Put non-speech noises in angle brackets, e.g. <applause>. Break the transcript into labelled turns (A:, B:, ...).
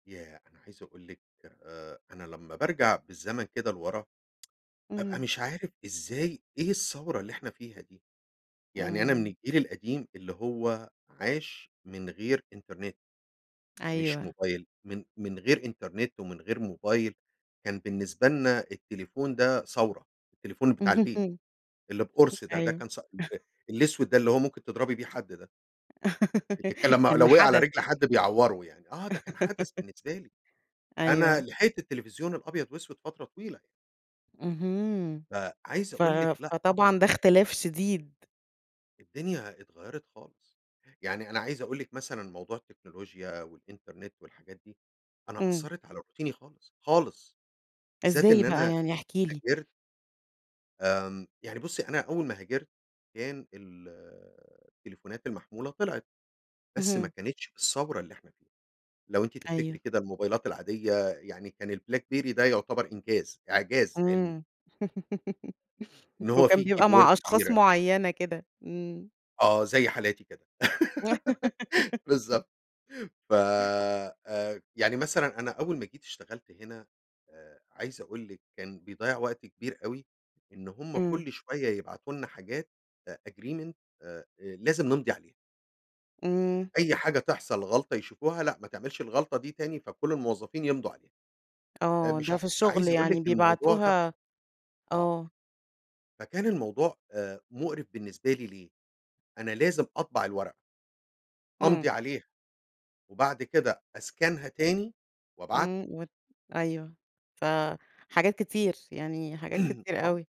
A: ياه! أنا عايز أقول لِك آآ، أنا لمّا بارجع بالزمن كده لورا، بابقى
B: إمم.
A: مش عارف إزاي إيه الثوّرة اللي إحنا فيها دي؟ يعني أنا من
B: إمم.
A: الجيل القديم اللي هو عاش من غير إنترنت، مش
B: أيوه.
A: موبايل، من من غير إنترنت ومن غير موبايل، كان بالنسبة لنا التليفون ده ثوّرة، التليفون بتاع البيت، اللي
B: <laughs>
A: بقُرص ده، ده
B: أيوه.
A: كان <unintelligible>
B: <chuckles>
A: الأسود ده اللي هو ممكن تضربي بيه حد ده. اللي كان
B: <laughs>
A: لمّا
B: كان
A: لو وقع على
B: حَدَث.
A: رجل حد بيعوّره يعني، آه ده كان حَدَث
B: <laughs>
A: بالنسبة لي، أنا
B: أيوه.
A: لحقت التلفزيون الأبيض وأسود فترة طويلة.
B: اهم.
A: فعايز
B: ف
A: قول لِك لأ
B: فطبعًا
A: طبعًا.
B: ده اختلاف شديد.
A: الدنيا اتغيّرت خالص، يعني أنا عايز أقول لِك مثلًا موضوع التكنولوجيا والإنترنت والحاجات دي، أنا
B: إمم.
A: أثّرت على روتيني خالص، خالص، بالذات
B: إزاي
A: إن
B: بقى؟
A: أنا
B: يعني احكِ لي.
A: هاجرت آمم، يعني بُصّي أنا أول ما هاجرت كان ال التليفونات المحمولة طلعت، بس ما
B: اهم.
A: كانتش بالثّورة اللي إحنا فيها، لو أنتِ تفتكري
B: أيوه.
A: كده الموبايلات العادية يعني، كان البلاك بيري ده يعتبر إنجاز، إعجاز علمي.
B: إمم. <laughs>
A: إن هو
B: وكان
A: فيه
B: بيبقى
A: كيبورد
B: مع أشخاص
A: كبيرة.
B: معيّنة كده، إمم.
A: آه، زي حالاتي كده، <laughs>
B: <laughs>
A: بالضبط، ف آآ، يعني مثلًا أنا أول ما جيت اشتغلت هنا آآ، عايز أقول لِك كان بيضيّع وقت كبير أوي، إن هُم
B: إمم.
A: كُلّ شوية يبعتوا لنا حاجات a agreement آآ، لازم نمضي عليها.
B: إمم.
A: أي حاجة تحصل غلطة يشوفوها لأ، ما تعملش الغلطة دي تاني، فكُلّ الموظفين يمضوا عليها، آآ،
B: آه،
A: مش
B: ده
A: ع
B: في الشغل
A: عايز أقول
B: يعني
A: لِك الموضوع ده
B: بيبعتوها
A: آه.
B: آه.
A: فكان الموضوع آآ، مُقرِف بالنسبة لي، ليه؟ أنا لازم أطبع الورقة أمضي
B: إمم.
A: عليها، وبعد كده أسكانها تاني وابعتها.
B: إمم وت أيوه، ف
A: <unintelligible>
B: حاجات كتير، يعني حاجات
A: <clears throat>
B: كتير
A: آه.
B: أوي.